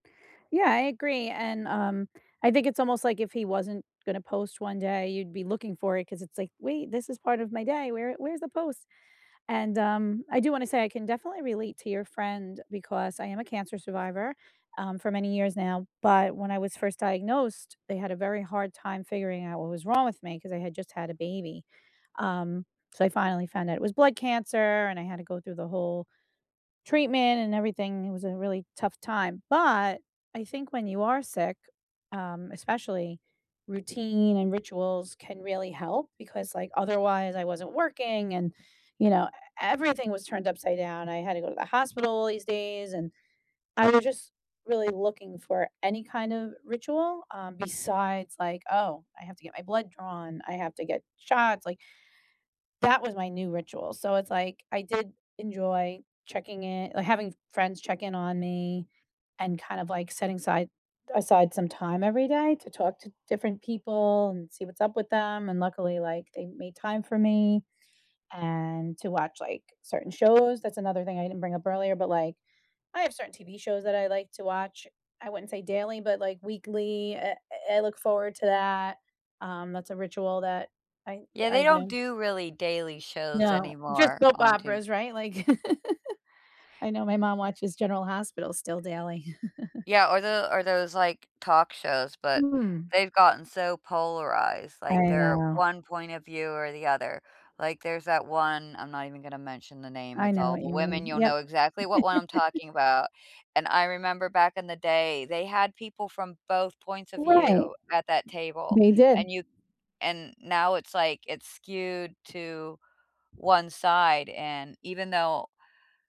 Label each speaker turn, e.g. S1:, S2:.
S1: Yeah, I agree, and, um, I think it's almost like if he wasn't gonna post one day, you'd be looking for it ‘cause it's like, wait, this is part of my day, where where's the post? And, um, I do wanna say I can definitely relate to your friend because I am a cancer survivor, um, for many years now, but when I was 1st diagnosed, they had a very hard time figuring out what was wrong with me ‘cause I had just had a baby, um, so I finally found out it was blood cancer and I had to go through the whole treatment and everything, it was a really tough time, but I think when you are sick, um, especially routine and rituals can really help because, like, otherwise, I wasn't working and, you know, e everything was turned upside down, I had to go to the hospital these days and I was just really looking for any kind of ritual, um, besides like, "Oh, I have to get my blood drawn, I have to get shots," like that was my new ritual, so it's like, I did enjoy checking in like, having friends check in on me, and kind of like setting aside aside some time every day to talk to different people and see what's up with them, and luckily, like, they made time for me and to watch like certain shows, that's another thing I didn't bring up earlier, but, like, I have certain TV shows that I like to watch, I wouldn't say daily, but like weekly, I I look forward to that, um, that's a ritual that I
S2: Yeah,
S1: I
S2: they don't
S1: do.
S2: do really daily shows
S1: No, just
S2: anymore
S1: soap
S2: on t
S1: operas, right? Like. I know my mom watches General Hospital still daily.
S2: Yeah, or the or those like talk shows, but
S1: Hmm.
S2: they've gotten so polarized, like,
S1: I
S2: they're
S1: know.
S2: 1 point of view or the other, like there's that one, I'm not even gonna mention the name,
S1: I
S2: it's
S1: know
S2: all
S1: what
S2: the
S1: you mean,
S2: women, you'll
S1: yep.
S2: know exactly what one I'm talking about, and I remember back in the day, they had people from both points of
S1: Right.
S2: view at that table,
S1: They did.
S2: and you and now it's like, it's skewed to 1 side, and even though